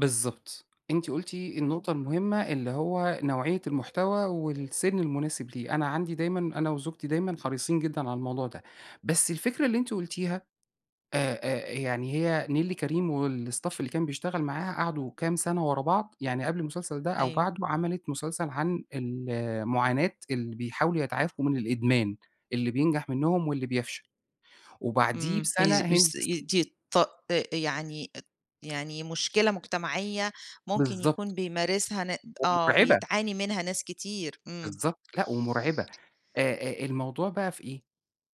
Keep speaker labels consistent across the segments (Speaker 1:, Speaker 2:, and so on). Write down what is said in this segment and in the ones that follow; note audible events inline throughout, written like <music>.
Speaker 1: بالضبط، أنتِ قُلتِ النقطة المهمة اللي هو نوعيّة المحتوى والسن المناسب ليه، أنا عندي دايمًا أنا وزوجتي دايمًا حريصين جدًا على الموضوع ده، بس الفكرة اللي أنتِ قُلتيها آآ، آآ، يعني هي نيللي كريم والstaff اللي كان بيشتغل معاها، قعدوا كام سنة ورا بعض، يعني قبل المسلسل ده، أو
Speaker 2: أيوه.
Speaker 1: بعدُه، عَمَلِت مسلسل عن ال معاناة اللي بيحاولوا يتعافوا من الإدمان، اللي بينجَح منهم واللي بيفشَل، وبعديه
Speaker 2: إمم،
Speaker 1: بسنة
Speaker 2: <unintelligible>
Speaker 1: هند ص
Speaker 2: دي ط آآ، يعني، يعني مشكلة مجتمعية ممكن
Speaker 1: بالضبط.
Speaker 2: يكون بيمارسها ن آه،
Speaker 1: ومُرْعبة.
Speaker 2: بيتْعاني منها ناس كتير، إمم.
Speaker 1: بالضبط، لأ ومُرْعبة آآ، آآ، الموضوع بقى في إيه؟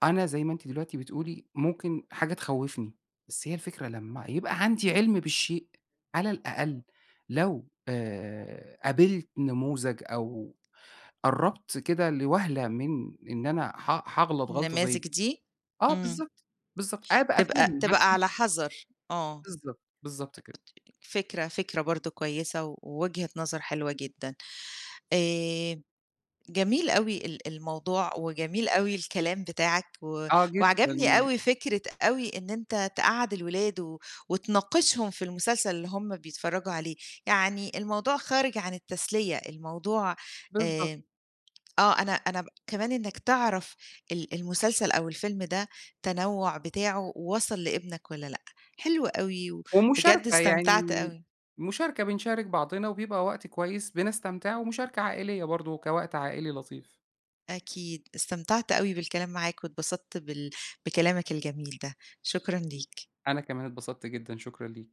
Speaker 1: أنا زي ما أنتِ دلوقتي بتقولي، ممكن حاجة تخوّفني، بس هي الفكرة لمّا يبقى عندي عِلْم بالشيء، على الأقل لو آآ، قابلت نموذج أو قرّبت كده لوهْلة من إن أنا حأ حاغلط غلطة زي
Speaker 2: النماذج دي؟
Speaker 1: آه
Speaker 2: إمم
Speaker 1: بالضبط، بالضبط، أبقى
Speaker 2: تبقى
Speaker 1: فاهم
Speaker 2: تبقى على
Speaker 1: عارفة
Speaker 2: حَذَر، آه.
Speaker 1: بالضبط، بالضبط كده.
Speaker 2: فكرة، فكرة برضه كويسة، ووجهة نظر حلوة جدًا، آآ، جميل أوي ال الموضوع وجميل أوي الكلام بتاعك، و
Speaker 1: آه
Speaker 2: وعجبني
Speaker 1: جدًا.
Speaker 2: أوي فكرة أوي إن أنت تقعَّد الولاد، و وتناقشهم في المسلسل اللي هم بيتفرّجوا عليه، يعني الموضوع خارج عن التسلية، الموضوع
Speaker 1: بالضبط.
Speaker 2: آآ، آه أنا أنا كمان إنك تعرف ال المسلسل أو الفيلم ده تنوّع بتاعُه وصَل لابنك والَّا لأ، حلو أوي وبجد
Speaker 1: ومشاركة يعني
Speaker 2: استمتعت أوي.
Speaker 1: مشاركة بنشارِك بعضنا، وبيبقى وقت كويس، بنستمتع ومشاركة عائلية برضه، كوقت عائلي لطيف.
Speaker 2: أكيد، استمتعت أوي بالكلام معاك، واتبسطت بال بكلامك الجميل ده، شكرًا ليك.
Speaker 1: أنا كمان اتبسطت جدًا، شكرًا ليكِ.